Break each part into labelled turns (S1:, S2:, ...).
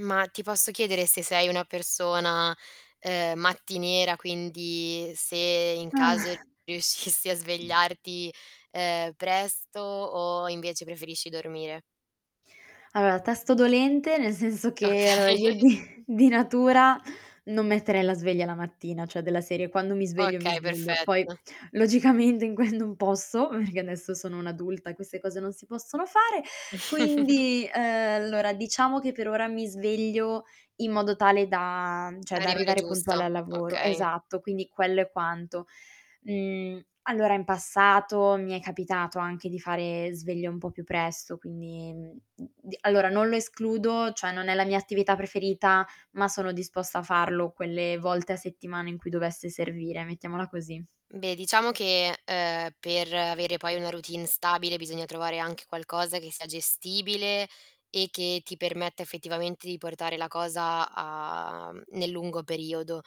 S1: Ma, ti posso chiedere se sei una persona, ehm, mattiniera, quindi se in caso riuscissi a svegliarti, ehm, presto o invece preferisci dormire?
S2: Allora, tasto dolente nel senso che allora,
S1: Okay.
S2: io di di natura non metterei la sveglia la mattina, cioè, della serie quando mi sveglio, mi
S1: Okay,
S2: sveglio. Poi,
S1: perfetto.
S2: logicamente, in que non posso perché adesso sono un'adulta e queste cose non si possono fare. Quindi, ehm allora, diciamo che per ora mi sveglio in modo tale da cioè, da
S1: Arrivare
S2: arrivare
S1: giusto,
S2: puntuale al lavoro.
S1: okay.
S2: Esatto, quindi quello è quanto. Mhmm, allora, in passato, mi è capitato anche di fare sveglia un po' più presto, quindi uhm, d allora, non lo escludo, cioè, non è la mia attività preferita, ma sono disposta a farlo quelle volte a settimana in cui dovesse servire, mettiamola così.
S1: Beh, diciamo che, uhm, per avere poi una routine stabile, bisogna trovare anche qualcosa che sia gestibile e che ti permetta, effettivamente, di portare la cosa a mhmm, nel lungo periodo.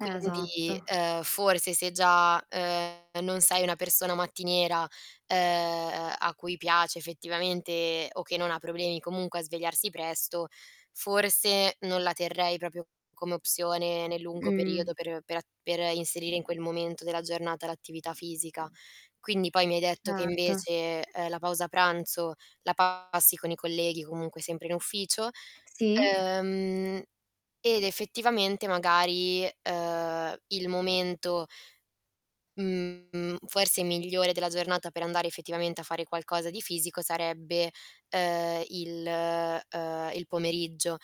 S2: Eh, esatto.
S1: ehm, forse se già, ehm, non sei una persona mattiniera, ehm, a cui piace effettivamente o che non ha problemi comunque a svegliarsi presto, forse non la terrei proprio come opzione nel lungo
S2: Mh.
S1: periodo per per a per inserire in quel momento della giornata l'attività fisica. Quindi poi mi hai detto che
S2: Certo.
S1: invece, ehm, la pausa pranzo la passi con i colleghi, comunque sempre in ufficio,
S2: Sì?
S1: ehm, ed effettivamente, magari, ehm, il momento mhmm, forse migliore della giornata per andare effettivamente a fare qualcosa di fisico sarebbe, ehm, il uhm, ehm, il pomeriggio.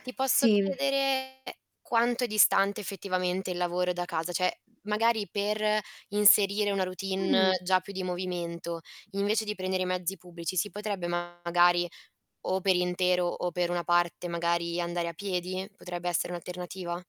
S1: Ti posso
S2: Sì.
S1: chiedere quanto è distante, effettivamente, il lavoro da casa? Cioè magari per inserire una routine
S2: Mh.
S1: già più di movimento, invece di prendere i mezzi pubblici si potrebbe magari, o per intero o per una parte, magari, andare a piedi? Potrebbe essere un'alternativa?